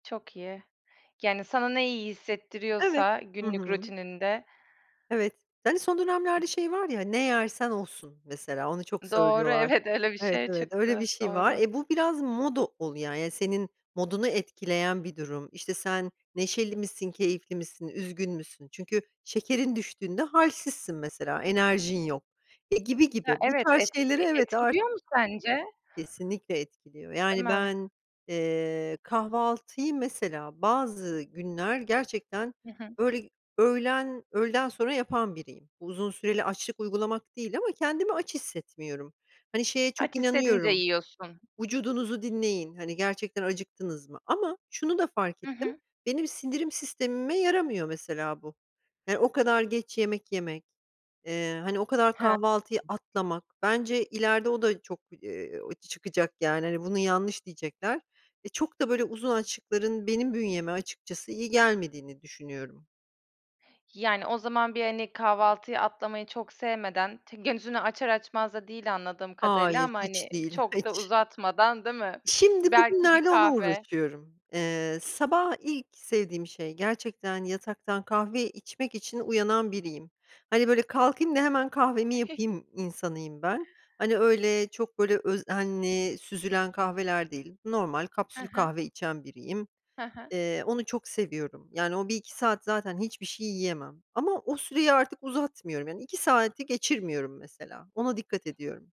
Çok iyi, yani sana ne iyi Evet, hissettiriyorsa hı günlük hı. rutininde. Evet. Yani son dönemlerde şey var ya hani, ne yersen osun mesela, onu çok Doğru, söylüyorlar. evet, öyle bir Evet, şey evet öyle bir çıktı şey var. doğru. E, bu biraz moda ol ya, yani senin modunu etkileyen bir durum, işte, sen neşeli misin, keyifli misin, üzgün müsün? Çünkü şekerin düştüğünde hâlsizsin mesela enerjin yok, e, gibi Ya gibi bu evet, tarz şeyleri etkili evet artık etkiliyor mu sence? Kesinlikle etkiliyor, Değil yani mi? ben, eee, kahvaltıyı, mesela bazı günler gerçekten Hı hı. öğle öğlen öğleden sonra yapan biriyim, uzun süreli açlık uygulamak değil ama kendimi aç hissetmiyorum, hani, şeye çok Aç hissedince inanıyorum. yiyorsun. Vücudunuzu dinleyin, hani, gerçekten acıktınız mı? Ama şunu da fark Hı ettim, hı. benim sindirim sistemime yaramıyor mesela bu. Yani, o kadar geç yemek yemek, eee, hani, o kadar Hee. kahvaltıyı atlamak, bence ileride o da çok, eee, çıkacak, yani, hani, bunu yanlış diyecekler ve çok da böyle uzun açıkların, benim bünyeme açıkçası iyi gelmediğini düşünüyorum. Yani, o zaman, bir hani, kahvaltıyı atlamayı çok sevmeden, t gözünü açar açmaz da değil anladığım kadarıyla Hayır ama, hani, hiç değil, çok da hiç. uzatmadan değil mi? Şimdi, Belki bir bugünlerde ona kahve. uğraşıyorum. Eee, sabah ilk sevdiğim şey gerçekten, yataktan kahve içmek için uyanan biriyim. Hani böyle kalkayım da hemen kahvemi Gülme. yapayım insanıyım ben, hani, öyle, çok böyle özenli süzülen kahveler değil, normal He kapsül he. kahve içen biriyim. He he. Eee, onu çok seviyorum. Yani o 1 - 2 saat zaten hiçbir şey yiyemem ama o süreyi artık uzatmıyorum. Yani 2 saati geçirmiyorum mesela, ona dikkat ediyorum.